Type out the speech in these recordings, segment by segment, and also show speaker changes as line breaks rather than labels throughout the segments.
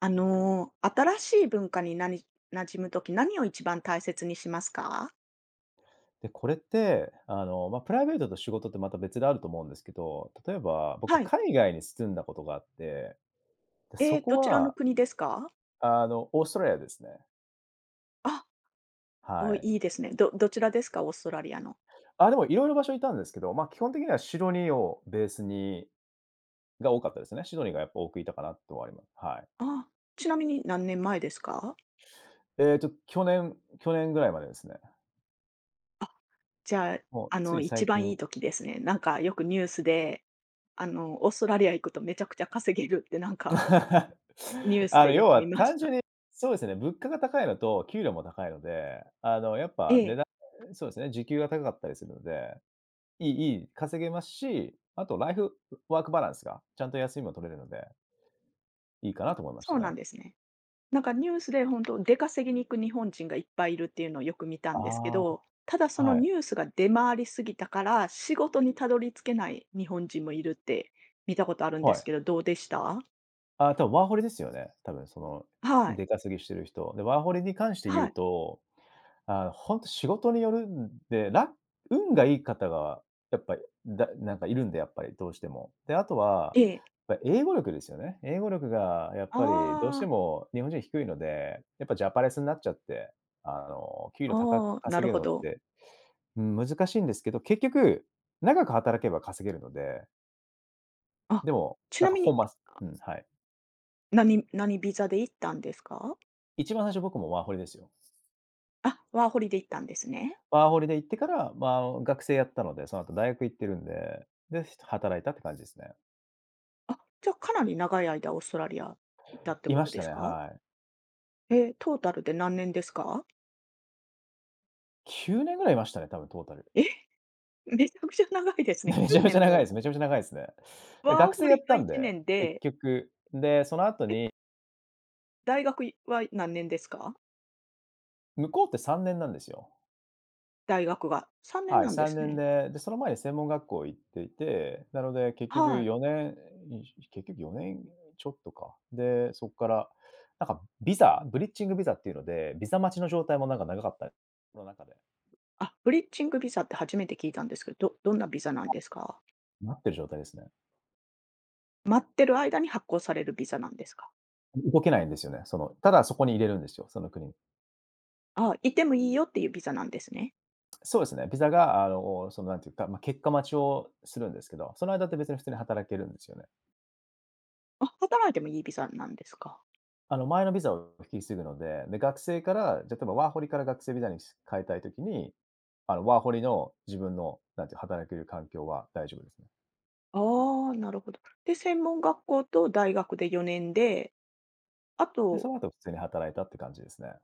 あの、新しい文化になみ馴染むとき、何を一番大切にしますか？
で、これって、あの、まあ、プライベートと仕事ってまた別であると思うんですけど、例えば僕
はい。
海外に住んだことがあって。で、
え
そ
え、
こ
どちらの
は
国ですか？
あの、オーストラリアですね。
あ、お
は
お、
い。
いいですね。どどちらですか？オーストラリアの。
あ、でも、色々場所いたんですけど、まあ、基本的にはシドニーをベースにが多かったですね。シドニーがやっぱ多くいたかなとは、いまはい。
あ、ちなみに何年前ですか？
えっと、去年去年ぐらいまでですね。
あ、じゃあ、
もう、
あ
つ
の、
い
一
最
番いい
近。
時ですね。なんかよくニュースで、あの、オーストラリア行くとめちゃくちゃ稼げるってなんか ニュース
あの、
でよ
要
く
は
見まし
単純
た。
にそうですね。物価が高いのと給料も高いので、あの、やっ
え
ぱ値
え。
段そうですね。時給は高かったりするので、いいいい稼げますし、あとライフワークバランスが、ちゃんと休みも取れるのでいいか
あ、
なと思いまし
そ
た
うなん
ね。
ですね。なんかニュースで本当、出稼ぎに行く日本人がいっぱいいるっていうのをよく見たんですけ
あ
ど、ただそ
あ、
の
はい。
ニュースが出回りすぎたから、仕事にたどり着けない日本人もいるって見たことあるんで
は
す
い。
けど、どうでした？
ああ、多分ワーホリですよね。多分その、
はい。
出稼ぎしてる人。で、ワーホリに関して言
は
う
い。
と、あの、本当仕事によるんで、ら運がいい方が、やっぱ、いだなんかいるんで、やっぱりどうしても。で、あとは、
ええ。
やっぱ英語力ですよね。英語力がやっぱりどうし
あ
て
あ。
も日本人低いので、やっぱジャパレスになっちゃって、あの、給料高く
ああ、な
稼
る
げる
ほ
のっ
ど。
て、うん、難しいんですけど、結局、長く働けば稼げるので。
あ、
でも、
ち
な
な
んか、
み
ほ
に
んます
あ。
うん。はい。
何何ビザで行ったんですか？
一番最初、僕もワーホリですよ。
あ、ワーホリで行ったんですね。
ワーホリで行ってから、まあ、学生やったので、その後大学行ってるんで、で、ひと働いたって感じですね。
あ、じゃかなり長い間オーストラリア、いたって
い
こ
ま
と
した
です
ね。
か？
はい。
え、トータルで何年ですか？
9年ぐらいいましたね、多分トータル。
え？めちゃくちゃ長いですね。
ね。
き
め
ゅ
ちゃ
う
め
ね
ちゃ
ん
長いです。
も。
めちゃめちゃ長いですね。で、
ワー
学生
ホ
やっ
リが
た
い
ん
ちね
で、
ん
結
で
局。で、その後
え。
に
大学いは、何年ですか？
向こうって3年なんですよ。
大学が、3年
はい。
なんで
さん
す
ねん
ね。
で、で、その前に専門学校行っていて、なので結局
はい。
4年、にんしし結局4年ん、ちょっとか。で、そっから、なんか、ビザブリッジングビザっていうので、ビザ待ちの状態もなんか長かった。その中で。
あ、ブリッジングビザって初めて聞いたんですけど、どどんなビザなん
あ、
ですか？
待ってる状態ですね。
待ってる間に発行されるビザなんですか。
う動けないんですよね。その、ただそこに居れるんですよ、その国。
あ、いてもいいよ、っていうビザなんですね。
そうですね。ビザが、あの、その、なんていうか、ま、結果待ちをするんですけど、その間って別に普通に働けるんですよね。
あ、働いてもいいビザなんですか。
あの、前のビザを引き継ぐので、で、学生から、じゃ、例えばワーホリから学生ビザにし変えたい時に、あの、ワーホリの自分の、なんていうの、働く環境は大丈夫ですね。
ああ、なるほど。で、専門学校と大学で4年で、あ
で、そ
と
のあと、普通に働いたって感じですね。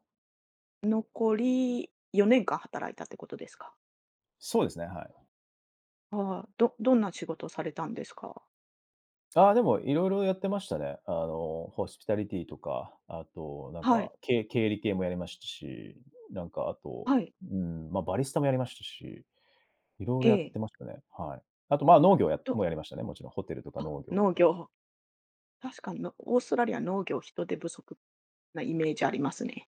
残り4年間働いたってことですか？
そうですね、はい。
ああ、どどんな仕事されたんですか？
ああ、でも色々やってましたね。あの、ホスピタリティとか、あとなん
はい。
か、け経理系もやりましたし、なんかあと、
はい。
うーん。ま、バリスタもやりましたし、色
え
々やっ
え。
てましたね、はい。あと、ま、農業や
ど
もやりましたね。もちろん。ホテルとか
あ、
農業と
農
か。
業。確かに、のオーストラリア農業人手不足なイメージありますね。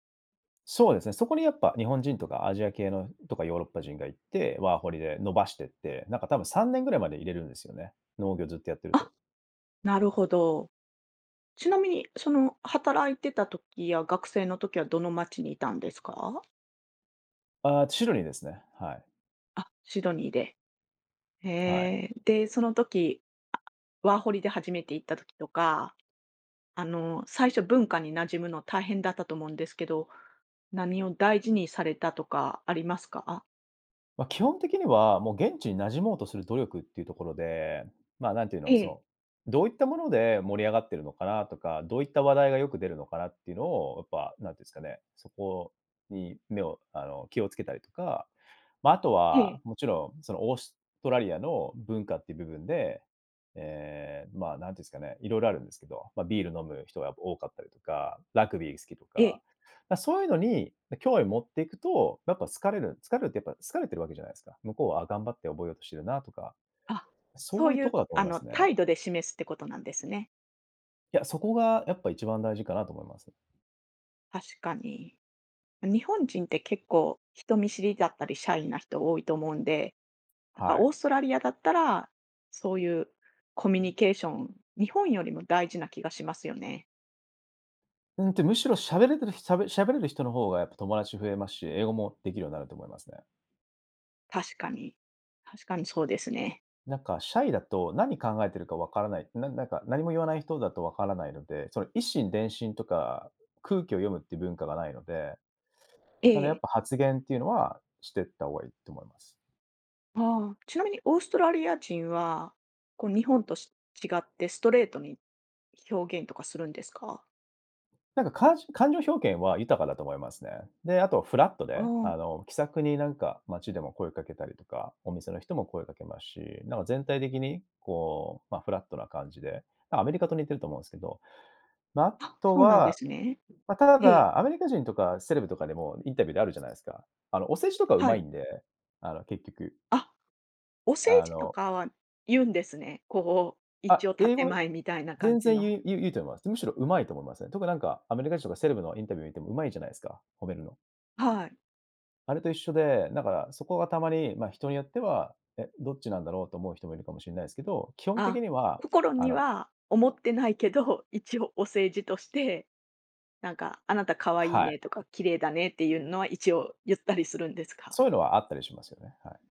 そうですね。そこにやっぱ日本人とかアジア系のとかヨーロッパ人がいて、ワーホリで伸ばしてって、なんか多分3年ぐらいまで居れるんですよね。農業ずっとやってると。
あ、なるほど。ちなみに、その働いてた時や学生の時は、どの街にいたんですか？
ああ、シドニーですね、はい。
あ、シドニーで。へ
はい。
え。で、その時、ワーホリで初めて行った時とか、あの、最初文化に馴染むの大変だったと思うんですけど、何を大事にされたとかありますか？
ま、基本的には、もう現地に馴染もうとする努力っていうところで、まあ、なんて言う
え
の、そ
え。
の、どういったもので盛り上がってるのかなとか、どういった話題がよく出るのかなってのを、やっぱ、何て言うんすかね、そこに目をあの気を付けたりとか、まあ、あと
ええ。
は、もちろんそのオーストラリアの文化って部分で、ええ、まあ、なんて言うんすかね。色々あるんですけど、ま、ビール飲む人がやっぱ多かったりとか、ラグビー好きと
ええ。
か。ま、そういうのに、ま、興味持っていくと、やっぱ好かれる。好かれるってやっぱ、好かれてるわけじゃないすか。向こうは、あ、頑張って覚えようとしてるなとか、
あ、そ
そう
う
いう
い
と
う、
こだと思い
あ
ま
の、
すね。
態度で示すってことなんですね。
いや、そこがやっぱ一番大事かなと思います。
確かに。日本人って結構人見知りだったりシャイな人多いと思うんで、なん
は
かオー
い。
ストラリアだったら、そういうコミュニケーション、日本よりも大事な気がしますよね。
うんと、むしろ喋れてるひしゃべ喋れる人の方がやっぱ友達増えますし、英語もできるようになると思いますね。
確かに。確かにそうですね。
なんかシャイだと、何考えてるか分からない。ななんか何も言わない人だと分からないので、その、以心伝心とか、空気を読むって文化がないので。
え
その、やっ
え。
ぱ発言ってゆうのは、してった方がい、と思います。
ああ、ちなみにオーストラリア人は、こう日本と、し違ってストレートに表現とかするんですか？
なんか、かんし感情表現は豊かだと思いますね。で、あとフラット
あ、
で、
う
あ
ん。
の、気さくになんか街でも声掛けたりとか、お店の人も声掛けますし、なんか全体的に、こう、ま、フラットな感じで、あ、アメリカと似てると思うんすけど。ま、あ
は、
と
そうなんで
は
すね。
ま、た
ええ。
だ、アメリカ人とかセレブとかでもインタビューであるじゃないすか、あの、お世辞とかう
は
まい
い。
んで、あの、結局。
あ、お世
あ
辞と
の
かはゆうんですね。こう、一
あ、
応
英
建
語、
前みたいな感
全
じ
然
の。
ゆう、ゆうゆうと思います。むしろ上手いと思いますね。特になんかアメリカ人とかセレブのインタビュー見ても、うまいじゃないすか、褒めるの。
はい。
あれと一緒で、なんかそこがたまに、ま、人によっては、「え？どっちなんだろう？」と思う人もいるかもしんないすけど、基本的
あ、
には、
心
あ
に
の
は思ってないけど、一応お世辞として、なんか、「あなた可愛い
はい。
ね」とか「綺麗だね」っていうのは一応、ゆったりするんですか？
そういうのはあったりしますよね、はい。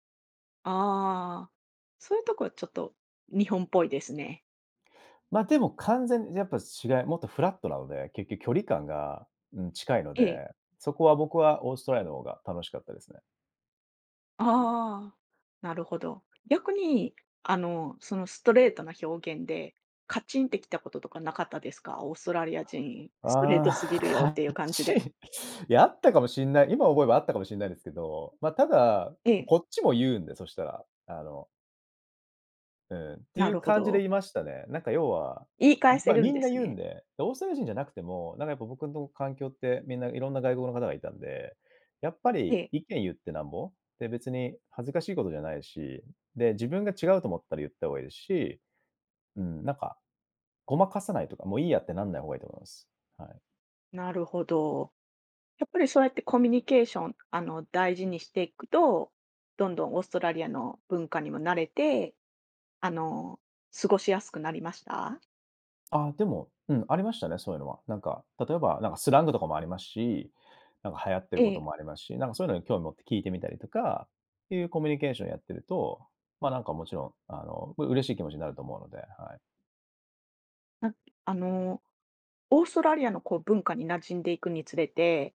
ああ、そういうとこはちょっと、日本っぽいですね。
ま、でも完全に、やっぱ違いもっとフラットなので、結局距離感が、うん、近いの
ええ。
で、そこは僕はオーストラリアの方が楽しかったですね。
ああ、なるほど。逆にあの、そのストレートな表現でカチンてきたこととかなかったですか？オーストラリア人、ストレート
あ
すぎ
あ、
るよ
カ
っていう
ッ
感じ
チ
で。
ン。いや、あったかもしんない。今思えばあったかもしんないですけど、ま、ただ、
え
こ
え。
こっちも言うんで、そしたら、あのうん。って
な
いう
るほ
感じ
ど。
でいましたね。なんか要は、
言い
ん、
返せ
ま、
る
み
ん
ん
で
な
す
言うん
ね。
で。オーストラリア人じゃなくても、なんかやっぱ僕の環境って、みんな色んな外国の方がいたんで、やっぱ
え
り
え。
意見言ってなんぼ。で、別に恥ずかしいことじゃないし。で、自分が違うと思ったら言った方がいいですし。うん。なんか、ごまかさないとか、もういいやってなんない方がいいと思います。はい。
なるほど。やっぱりそうやってコミュニケーションあの、大事にしていくと、どんどんオーストラリアの文化にも慣れて、あの、過ごしやすくなりました？
ああ、でも、うん。ありましたね、そういうのは。なんか、例えばなんかスラングとかもありますし、なんか流行ってること
ええ。
もありますし、なんかそういうのに興味持って聞いてみたりとか、っていうコミュニケーションやってると、まあ、なんかもちろんあの、う嬉しい気持ちになると思うので、はい。
なんあの、オーストラリアのこう、文化に馴染んでいくにつれて、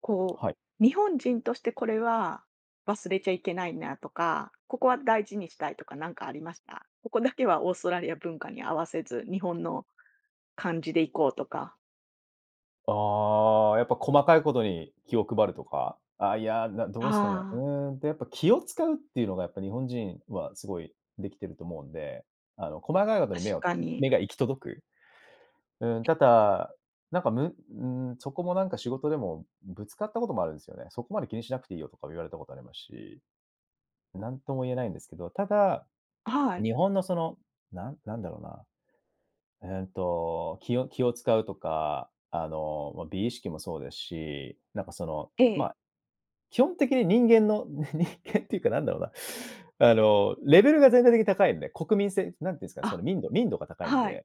こ
はい。
う日本人としてこれは忘れちゃいけないなとか、ここは大事にしたいとか何かありました？ここだけはオーストラリア文化に合わせず、日本の感じでいこうとか。
ああ、やっぱ細かいことに気を配るとか。ああいや、など
は
うすかね。う
あ。
ーんと、やっぱ気を遣うっていうのが、やっぱ日本人はすごいできてると思うんで。あの、細かいことに目
確
を
かに。
目が行き届く。うん。
え。
多々、なんかむん、そこもなんか仕事でも、ぶつかったこともあるんですよね。「そこまで気にしなくていいよ」とか言われたことありますし。何とも言えないんですけど、ただ、
はい。
日本のその、なんなんだろうな。うんと、気を気を遣うとか、あの、まあ、美意識もそうですし、なんかその、
え
ま
え。
あ、基本的に人間のに人間っていうか何だろうな、あのレベルが全体的に高いんで、国民性何て言うんですかね。その、
あ、
民度。民度が高いん
はい。
で。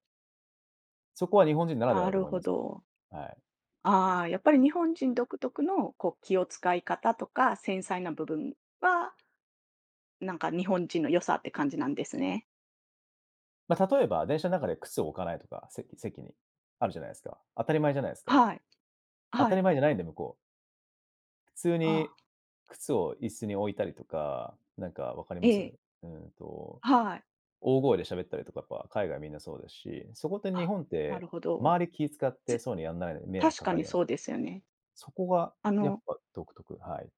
そこは日本人ならでは
な
だと
る
思い
ほ
ますけど。
ど。
はい。
ああ、やっぱり日本人独特のこう、気を遣い方とか、繊細な部分は日本人の良さって感じなんですね。
ま、例えば、電車ん中で靴を置かないとか、せ席に。あるじゃないですか。当たり前じゃないですか。
はい。
当
は
たり
い。
前じゃないんで、向こう。普通
あ
に
あ。
靴を椅子に置いたりとか、なんか分かり
え
ま
え。
す？うんと、
はい。
大声で喋ったりとか、やっぱ海外みんなそうですし。そこって日
あ、
本っ
な
て、
るほど。
周り気い遣ってそういうのやんないのに
つ
迷惑
確
か
か
かる
に
ような。
そうですよね。
そこが
あ
やっ
の
ぱ独特、はい。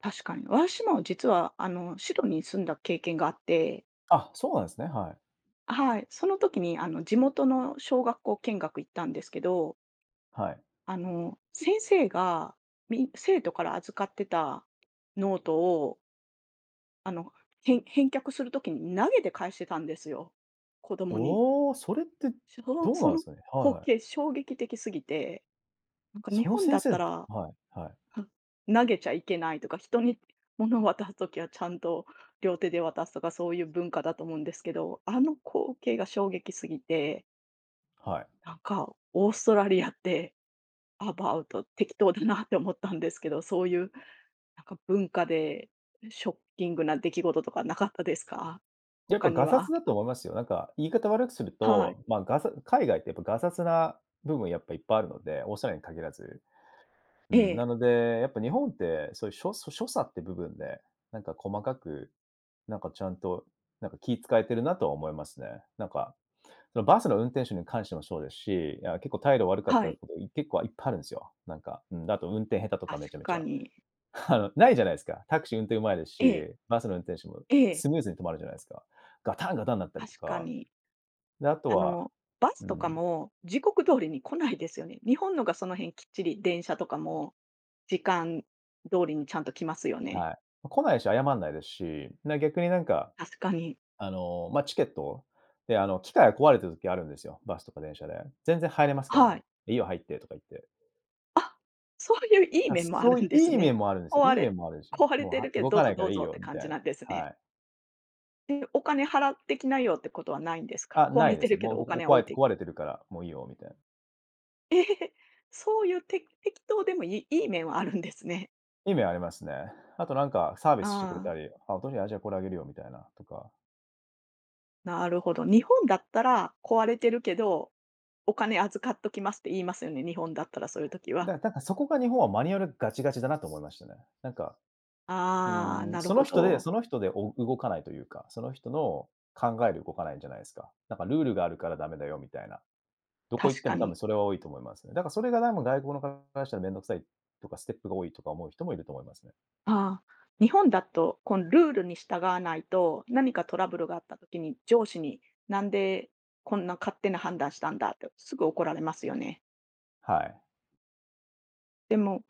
確かに。私も実はあのシドニー住んだ経験があって
あ、そうなんですね。はい。
あ、はい。その時に、あの、地元の小学校見学行ったんですけど
はい。
あの、先生が、みん生徒から預かってたノートをあの、へん返却する時に投げて返してたんですよ。子供に。
おお！それって、
しょほ
どう
そ
なん
の
すかね。はい
光
はい。
景衝撃的過ぎて。なんか日
その
本だ
先
っ
生
たら、
はい、はい。
ふん、投げちゃいけないとか、人に物を渡す時はちゃんと、両手で渡すとかそういう文化だと思うんですけど、あの光景が衝撃すぎて
はい。
なんかオーストラリアって、アバウト適当だなって思ったんですけど、そういうなんか文化でショッキングな出来事とかなかったですか？
やっぱ
他に
がさつ
は。
だと思いますよ。なんか言い方悪くする
はい。
と、まあ、がさ海外ってやっぱ、がさつな部分やっぱいっぱいあるので、オーストラリアに限らず。うー
え
ん。
え。
なので、やっぱ日本ってそういう、しょそう、所作って部分で、なんか細かく、なんかちゃんと、なんか気使えてるなとは思いますね。なんか、その、バスの運転手に関してもそうですし、いや結構態度悪かっ
は
た
い。
こと、い結構いっぱいあるんですよ。なんか、うーん。で、あと運転下手とか、
確
めちゃめち
か
ゃ。
に。
あの、ないじゃないですか。タクシー運転上手いです
ええ。
し、バスの運転手も、
ええ。
スムーズに止まるじゃないすか。ガタンガタンなったりと
確か
か。
に。
で、あと
あ
は
の、バ
う
スとか
ん。
も時刻通りに来ないですよね。日本のがその辺きっちり、電車とかも時間通りにちゃんと来ますよね。
はい。ま、来ないし、謝んないですし、な、逆になんか、
確かに。
あの、ま、チケットで、あの、機械が壊れてる時あるんですよ、バスとか電車で。全然入れますから
は
ね。
い。
「いいよ。入って」とか言って。
あ、そういう、いい
な、
面もあ
そ
る
うい
んです
い
ね。
面もあるんですよ。
壊
いい
れ
面もあるんですよ。
壊れ
「もう、
て
はい、
るけん、
動
どう
かな
ぞ
いか
ど
ら
う
いい
ぞっ
よ」
て
み
感
たい
じ
な。
なんですね。
はい。
で、お金払ってきなよってことはないんですか？
あ、
壊
ない
れ
で
て
す
る
ね。
け
「もう、
どお
僕、お
金
壊
置
れ
い
て
て
壊れてるから、もういいよ」みたい。
え、そういうて適当でもいいい面はあるんですね。
いい面ありますね。あと何かサービスしてくれ
あ
た
あ。
り、「あ、あ、じゃ、これあげるよ」みたいなとか。
なるほど。日本だったら、壊れてるけどお金預かっときますって言いますよね、日本だったら、そういう時は。
だ、なんか、そこが日本はマニュアルガチガチだなと思いましたね。なんか、う
ああ、
ーん、
なる
その
ほ
人で
ど。
その人で、お動かないというか、その人の考えで動かないんじゃないんすか。なんか、ルールがあるから駄目だよみたいな。どこ行っ
確
て
か
も多分
に。
それは多いと思いますね。だからそれがなんも外国の方からしたら、面倒くさいとか、ステップが多いとか思う人もいると思いますね。
あ、日本だと、こん、ルールに従わないと、何かトラブルがあった時に上司に、なんでこんな勝手な判断したんだって、すぐ怒られますよね。
はい。
でも、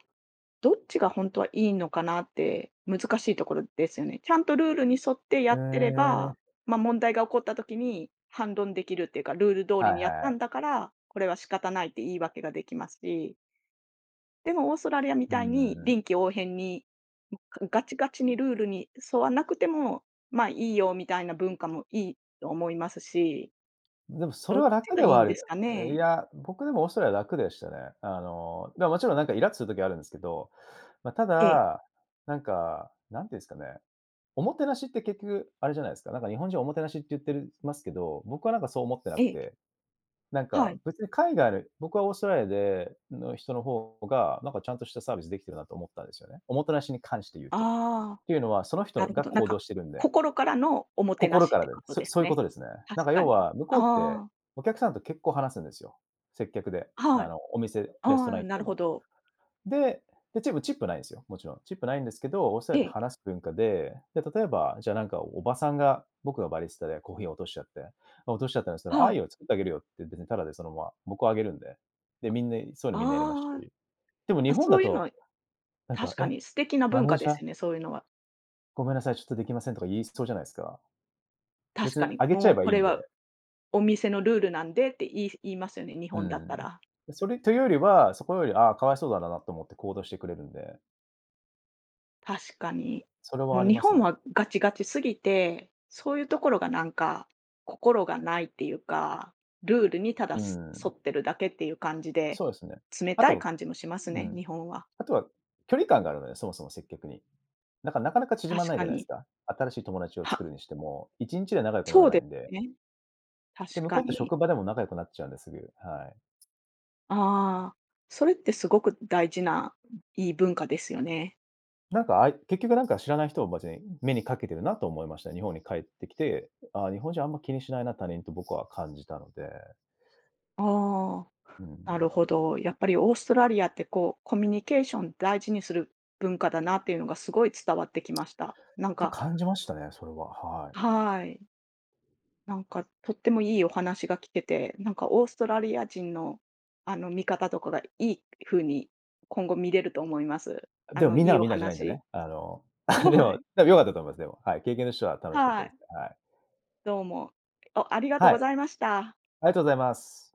どっちがほんとはいいのかなって、難しいところですよね。ちゃんとルールに沿ってや
え
ってれ
え。
ば、ま、問題が起こった時に反論できるっていうか、ルール通
はい
り
は
にやっ
いは
たん
い。
だから、これは仕方ないって言い訳ができますし。でも、オーストラリアみ
う
たい
んう
に、
んうん。
臨機応変に、んかガチガチにルールに沿わなくても、まあ、いいよみたいな文化もいいと思いますし。
でも、それ
ど
は
っち
楽で
がいい
はあ
んで
る。
すか
う、い
ね？
や、僕、でもオーストラリアは楽でしたね。あの、だかもちろん、なんかイラっとする時あるんですけど。ま、た
ええ。
だ、なんか、何て言うんすかね。おもてなしって結局あれじゃないすか。なんか日本人おもてなしって言ってるますけど、僕はなんかそう思ってな
え
く
え。
て。なん
は
か、
い。
別に海外の僕はオーストラリアでの人の方が、なんかちゃんとしたサービスできてるなと思ったんですよね。おもてなしに関して言うと。
ああ、
っていうのは、その人
な
の
るほ
が、
ど。なん
行動
か、
してるんで。
心からのおもてな
心
し
か
っ
ら
て
で。
こと
そ
です
そういうこ
ね。
とですね。な
確
んか
か
要
に。
は向こうって、
ああ。
お客さんと結構話すんですよ。接客で。
あ、は
あ
い。
の、お店、
あ
レストラン
あ、
行っ
な
て
るほ
も。
ど。
で、ででもチップないんですよ、もちろん。チップないんですけど、オーストラ
え
リアって
え。
話す文化で、で、例えば、じゃあなんか、おばさんが、僕がバリスタで、コーヒー落としちゃって、ま、落としちゃったんすけど、「ああ、
は
いい
い。
よ。作ってあげるよ」って、別にただで、そのまま僕はあげるんで。で、みんな、そういうのみんなやります
ああ。
し。でも日
ま、
本
そ
だ
ういうの
と、
は
なん
確
か、
か
え、
に素敵な
マ
文
ネー
化で
ジャー
すよね、そういうのは。
「ごめんなさい。ちょっとできません」とか言いそうじゃないですか。
確
別に
かに、
あげちゃ
も
え
う
ばい
こ
いん
れは
で。
お店のルールなんでって言い言いますよね、日
う
本だった
ん。
ら。
で、それというよりは、そこより、ああ、かわいそうだなんだなと思って行動してくれるんで。
確かに。
それは
もう
あり
日
ます
本
ね。
はガチガチ過ぎて、そういうところがなんか、心がないっていうか、ルールにた
う
だ、す沿
ん。
ってるだけっていう感じで、
そうですね。
冷
あ
たい
と
感じもします
う
ね、
ん。
日本は。
あとは、距離感があるので、そもそも接客に。なんか、なかなか縮まん
確
ないじ
か
ゃないす
に。
か。新しい友達を作
は
るにしても1日で仲良くなら
そう
ない
で
んで。
ね。確
で、向こ
か
うって
に。
職場でも仲良くなっちゃうんで、すぐ、はい。
ああ、それってすごく大事ないい文化ですよね。
なんか、あい結局なんか知らない人を別に、目にかけてるなと思いました。日本に帰ってきて、ああ、日本人あんま気にしないな、他人、と僕は感じたので。
あ
う
あ、な
ん。
るほど。やっぱりオーストラリアってこう、コミュニケーション大事にする文化だなっていうのがすごい伝わってきました。なん
て
か
感じましたね。それは、はい。
はい。なんかとってもいいお話が聞けて、なんかオーストラリア人の、あの、見方とかがいいふうに今後見れると思います。あ
でも、
の、
みんな
い
が
いお
みんなじゃないんで
話
ね、あの、で
は
も、
い。
多分良かったと思います。でも、はい。経験としては楽しかった
は
で
い。
すね、はい。
どうも。おありがと
は
うご
い。
ざいました。
ありがとうございます。